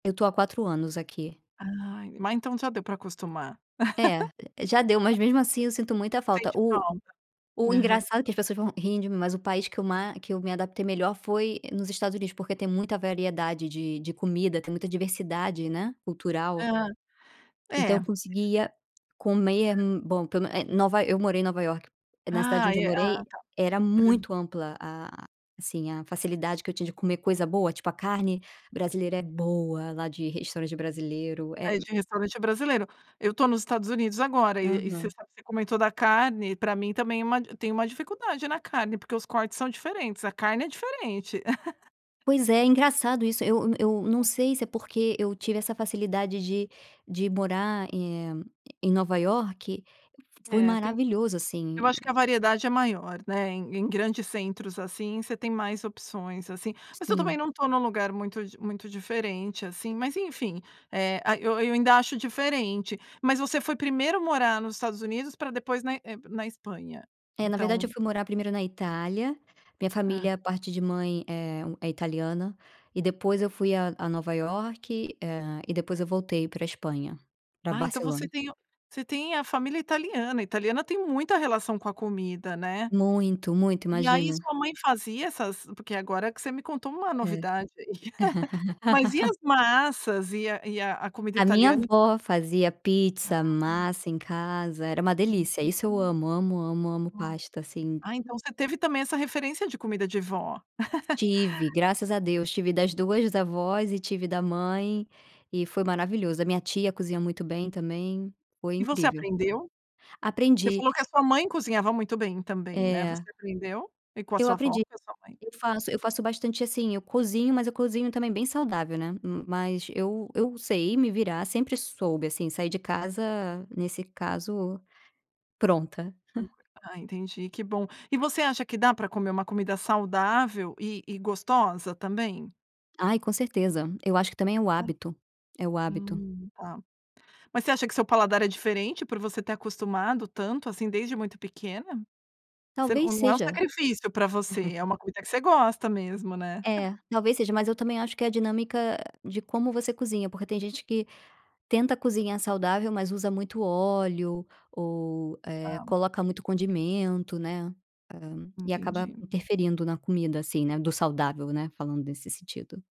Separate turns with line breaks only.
Eu estou há 4 anos aqui.
Ah. Mas então já deu para acostumar.
É. Já deu,
A
mas mesmo assim eu sinto muita falta.
Sente
O
falta.
o
Aham.
engraçado é que as pessoas vão rir de mim, mas o país que eu ma que eu me adaptei melhor foi nos Estados Unidos, porque tem muita variedade de de comida, tem muita diversidade, né, cultural.
Hã,
Então
é.
eu conseguia comer hum, bom, pelo me Nova eu morei em Nova Iorque. Na cidade
Ah,
onde eu
é tá.
morei era
Hã.
muito ampla a assim, a facilidade que eu tinha de comer coisa boa. Tipo, a carne brasileira é boa lá de restaurante de brasileiro. É
Ai
m
de restaurante é brasileiro. Eu estou nos Estados Unidos agora e e você
Aham.
sabe você comentou da carne, pra mim também é uma tem uma dificuldade na carne. Porque os cortes são diferentes, a carne é diferente.
Pois é, engraçado isso. Eu eu não
[unintelligible]
sei se é porque eu tive essa facilidade de de morar, eh, em Nova Iorque Foi
É, tem
maravilhoso, assim.
Eu acho que a variedade é maior, né, em em grandes centros, assim, você tem mais opções, assim. Mas eu também
Sim.
não estou num lugar muito di muito diferente, assim. Mas enfim, eh, a Eu eu ainda acho diferente. Mas você foi primeiro morar nos Estados Unidos para depois na eh, na Espanha?
É, na verdade, eu
Então
fui morar primeiro na Itália. Minha
Ah.
família parte de mãe é hum, é italiana. E depois eu fui a a Nova Iorque, eh, e depois eu voltei pra Espanha, pra
Ah, então você
Barcelona.
tem o você tem a família italiana. Italiana tem muita relação com a comida, né?
Muito, muito,
E aí,
imagina.
sua mãe fazia essas Porque agora que você me contou uma
É.
novidade. Mas e as massas e a e a comida
A minha
italiana ent
avó fazia pizza,
Ah.
massa em casa, era uma delícia. Isso eu
Uhum.
amo, amo, amo, amo
[unintelligible]
pasta, assim.
Ah, então você teve, também, essa referência de comida de vó.
Tive, graças a Deus, tive das duas avós e tive da mãe e foi maravilhoso. A minha tia cozinha muito bem também, foi
E você
incrível.
aprendeu? Você
Aprendi.
falou que a sua mãe cozinhava muito bem também, né. Você
É.
aprendeu? E com a
Eu
sua avó
aprendi.
e sua mãe?
Eu faço eu faço bastante assim, eu cozinho, mas eu cozinho também bem saudável, né. M mas eu eu sei me virar. Sempre soube, assim, sair de casa, nesse caso, pronta.
[unintelligible] Ah entendi, que bom. E você acha que dá pra comer uma comida saudável e e gostosa também?
Ai com certeza. Eu acho que também é o
Hum.
hábito. É o hábito.
Hum, tá. Mas você acha que seu paladar é diferente por você ter acostumado tanto, assim, desde muito pequena? Você
Talvez
não é um
seja.
sacrifício pra você, é uma comida que você gosta mesmo, né?
É, talvez seja. Mas eu também acho que é a dinâmica de como você cozinha. Porque tem gente que tenta cozinhar saudável, mas usa muito óleo ou, eh,
Ah.
coloca muito condimento, né, hã, e acaba
Entendi.
interferindo na comida, assim, né, do saudável, né. Falando nesse sentido.